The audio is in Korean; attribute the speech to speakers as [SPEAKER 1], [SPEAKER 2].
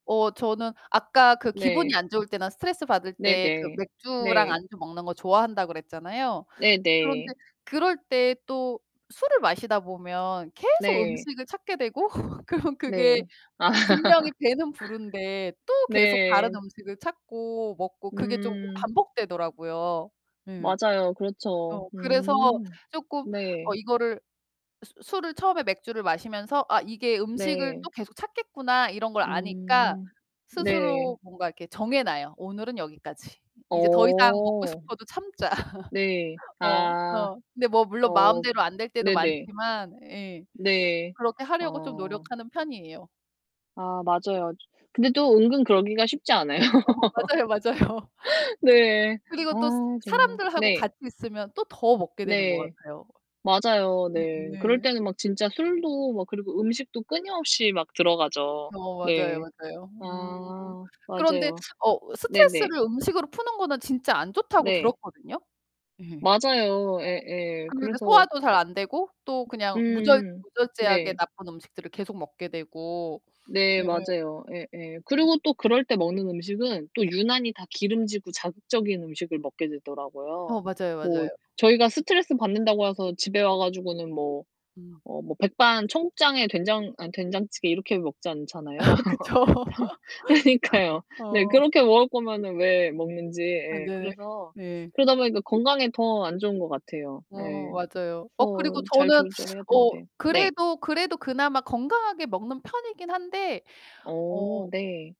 [SPEAKER 1] 어, 저는 아까 그 기분이
[SPEAKER 2] 네.
[SPEAKER 1] 안 좋을 때나 스트레스받을 때 그
[SPEAKER 2] 네네,
[SPEAKER 1] 맥주랑
[SPEAKER 2] 네.
[SPEAKER 1] 안주 먹는 거 좋아한다 그랬잖아요? 그런데
[SPEAKER 2] 네네.
[SPEAKER 1] 그럴 때 또 술을 마시다 보면 계속
[SPEAKER 2] 네.
[SPEAKER 1] 음식을 찾게 되고 그럼 그게
[SPEAKER 2] 네. 아.
[SPEAKER 1] 분명히 배는 부른데 또 계속 다른
[SPEAKER 2] 네.
[SPEAKER 1] 음식을 찾고, 먹고 그게 쪼금
[SPEAKER 2] 음.
[SPEAKER 1] 반복되더라고요. 예.
[SPEAKER 2] 맞아요,
[SPEAKER 1] 어.
[SPEAKER 2] 그렇죠.
[SPEAKER 1] 그래서
[SPEAKER 2] 음
[SPEAKER 1] 쪼끔 어
[SPEAKER 2] 네.
[SPEAKER 1] 이거를 수 술을 처음에 맥주를 마시면서 '아, 이게 음식을 또
[SPEAKER 2] 네.
[SPEAKER 1] 계속 찾겠구나.' 이런 걸 아니까
[SPEAKER 2] 음. 네.
[SPEAKER 1] 스스로 뭔가 이렇게 정해 놔요. '오늘은 여기까지. 이제 더 이상 먹고
[SPEAKER 2] 어.
[SPEAKER 1] 싶어도 참자.'
[SPEAKER 2] 네.
[SPEAKER 1] 어.
[SPEAKER 2] 아.
[SPEAKER 1] 어. 근데 뭐 물론
[SPEAKER 2] 어
[SPEAKER 1] 마음대로 안 될 때도
[SPEAKER 2] 네네.
[SPEAKER 1] 많지만 예.
[SPEAKER 2] 네.
[SPEAKER 1] 그렇게 하려고 좀
[SPEAKER 2] 어.
[SPEAKER 1] 노력하는 편이에요.
[SPEAKER 2] 아, 맞아요. 근데 또 은근 그러기가 쉽지 않아요.
[SPEAKER 1] 어 맞아요, 맞아요.
[SPEAKER 2] 네,
[SPEAKER 1] 그리고
[SPEAKER 2] 아
[SPEAKER 1] 또 스
[SPEAKER 2] 정말.
[SPEAKER 1] 사람들하고
[SPEAKER 2] 네.
[SPEAKER 1] 같이 있으면 또 더 먹게 되는 것
[SPEAKER 2] 네,
[SPEAKER 1] 같아요.
[SPEAKER 2] 맞아요. 네. 그럴
[SPEAKER 1] 네.
[SPEAKER 2] 때는 막 진짜 술도 막 그리고 음식도 끊임없이 막 들어가죠.
[SPEAKER 1] 어, 맞아요,
[SPEAKER 2] 네.
[SPEAKER 1] 맞아요. 음.
[SPEAKER 2] 아
[SPEAKER 1] 그런데
[SPEAKER 2] 맞아요.
[SPEAKER 1] 어
[SPEAKER 2] 네네.
[SPEAKER 1] 스트레스를 음식으로 푸는 거는 진짜 안 좋다고
[SPEAKER 2] 네.
[SPEAKER 1] 들었거든요? 예. 어.
[SPEAKER 2] 맞아요. 예예.
[SPEAKER 1] 근데 그
[SPEAKER 2] 그래서
[SPEAKER 1] 소화도 잘 안 되고 또 그냥 무절
[SPEAKER 2] 음음.
[SPEAKER 1] 무절제하게
[SPEAKER 2] 네.
[SPEAKER 1] 나쁜 음식들을 계속 먹게 되고
[SPEAKER 2] 네,
[SPEAKER 1] 예예.
[SPEAKER 2] 맞아요. 예예. 그리고 또 그럴 때 먹는 음식은 또
[SPEAKER 1] 네.
[SPEAKER 2] 유난히 다 기름지고 자극적인 음식을 먹게 되더라고요.
[SPEAKER 1] 어, 맞아요,
[SPEAKER 2] 뭐
[SPEAKER 1] 맞아요.
[SPEAKER 2] 저희가 스트레스받는다고 해서 집에 와 가지고는 뭐,
[SPEAKER 1] 음.
[SPEAKER 2] 어 뭐 백반, 청국장에 된장 아니 된장찌개 이렇게 먹지 않잖아요.
[SPEAKER 1] 그쵸.
[SPEAKER 2] 상황 그러니까요.
[SPEAKER 1] 어.
[SPEAKER 2] 네. 그렇게 먹을 거면은 왜 먹는지
[SPEAKER 1] 아
[SPEAKER 2] 예.
[SPEAKER 1] 네.
[SPEAKER 2] 그래서
[SPEAKER 1] 네.
[SPEAKER 2] 그러다 보니까 건강에 더 안 좋은 것 같아요.
[SPEAKER 1] 어,
[SPEAKER 2] 네.
[SPEAKER 1] 맞아요. 어
[SPEAKER 2] 그래서
[SPEAKER 1] 그리고
[SPEAKER 2] 잘
[SPEAKER 1] 저는
[SPEAKER 2] 조절해야
[SPEAKER 1] 어,
[SPEAKER 2] 되는데 네.
[SPEAKER 1] 그래도 그래도 그나마 건강하게 먹는 편이긴 한데 어
[SPEAKER 2] 어, 네.